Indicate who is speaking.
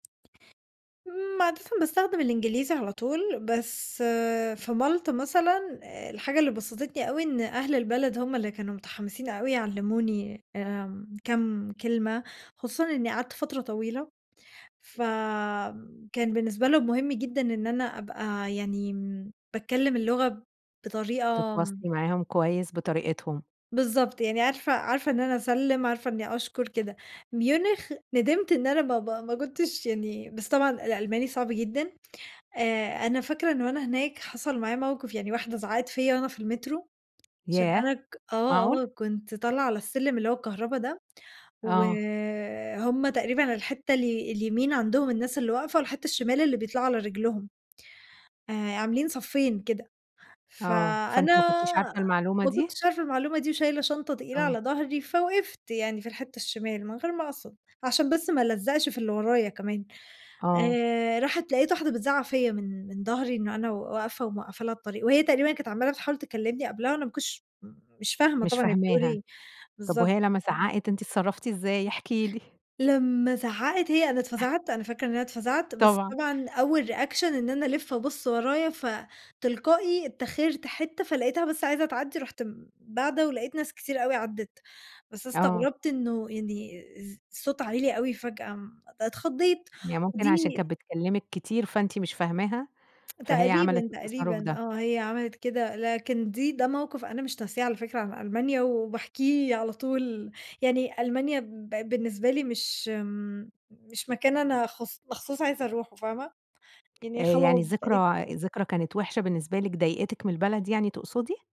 Speaker 1: إمم، عادة باستخدم الإنجليزي على طول. بس في مالطا مثلًا، آآ، الحاجة اللي بَسَطتني أوي إن أهل البلد همّ اللي كانوا مُتحَمسين أوي يعلِّموني، آمم، كام كلمة. خصوصًا إنّي قعدت فترة طويلة، فكان بالنسبة لهم مهم جدًا إن أنا أبقى يعني باتكلم اللغة بطريقة آمم
Speaker 2: بتتواصلي معاهم كويس بطريقتهم.
Speaker 1: بالضبط، يعني عارفة عارفة إن أنا أسلِّم، عارفة إنّي أشكر، كده. ميونخ، ندِمت إن أنا ما ب ما كنتش يعني بس طبعًا الألماني صعب جدًا. آآ، أنا فاكرة إن وأنا هناك حَصَل معايا مَوقِف، يعني واحدة زعقت فيّا وأنا في المترو عشان
Speaker 2: ياه!
Speaker 1: أنا ك آه،
Speaker 2: معقول؟
Speaker 1: آه كنت طالعة على السلِّم اللي هو الكهربا ده،
Speaker 2: آه.
Speaker 1: وهمّ تقريبًا الحتّة الي اليمين عندهم الناس اللي واقفة والحتّة الشِمال اللي بيطلعوا على رجلهم، آآ، عاملين صفّين كده.
Speaker 2: آه،
Speaker 1: فأنا
Speaker 2: فأنتِ ما كنتيش عارفة المعلومة
Speaker 1: ما
Speaker 2: دي؟
Speaker 1: كنتش عارفة المعلومة دي وشايلة شنطة تقيلة
Speaker 2: آه.
Speaker 1: على ضهري فوقفت يعني في الحتّة الشِمال من غير ما أقصد، عشان بس ما ألزّقش في اللي ورايا كمان،
Speaker 2: آه.
Speaker 1: آآ راحت لَقيت واحدة بتزعّق فيّا من من ضهري إنّه أنا و واقفة وموقّفة لها الطريق وهي تقريبًا كانت عمّالة بتحاول تكلمني قبلها وأنا ما كنتش مش فاهمة
Speaker 2: مش
Speaker 1: طبعًا هي بتقول
Speaker 2: فاهماها،
Speaker 1: إيه.
Speaker 2: طَب
Speaker 1: بالضبط،
Speaker 2: وهي لمّا
Speaker 1: آه.
Speaker 2: زعّقِت، أنتِ اتصرّفتِ إزاي؟ احكي لي.
Speaker 1: لمّا زعّقِت هي، أنا اتفزَعت، أنا فاكرة إن أنا اتفزَعت. بس
Speaker 2: طبعًا.
Speaker 1: طبعًا أول reaction إن أنا ألِف أبُص ورايا، فتلقائي إتّاخِرت حتّة، فلقيتها بس عايزة تعدّي رُحت باعدة ولقيت ناس كتير أوي عدّت. بس
Speaker 2: آه.
Speaker 1: استغربت إنه يعني إز صوتها عِلي فجأة، امم، اتخضيت.
Speaker 2: هي ممكن
Speaker 1: ودي
Speaker 2: عشان كانت بتكلمِك كتير، فأنتِ مش فاهماها، فهي عملِت
Speaker 1: تقريبًا،
Speaker 2: التصرُّف
Speaker 1: تقريبًا،
Speaker 2: ده.
Speaker 1: آه هي عملِت كده. لكن دي ده مَوقِف أنا مش ناسياه على فكرة عن ألمانيا وباحكيه على طول، يعني ألمانيا بقت بالنسبة لي مش، إمم مش مكان أنا خص مخصوص عايزة أروحه، فاهمة.
Speaker 2: آآ،
Speaker 1: يعني
Speaker 2: يعني
Speaker 1: خلاص بقيت
Speaker 2: الذكرى ذكرى كانت وحشة بالنسبة لِك، ضايقتِك من البلد يعني تقصدي؟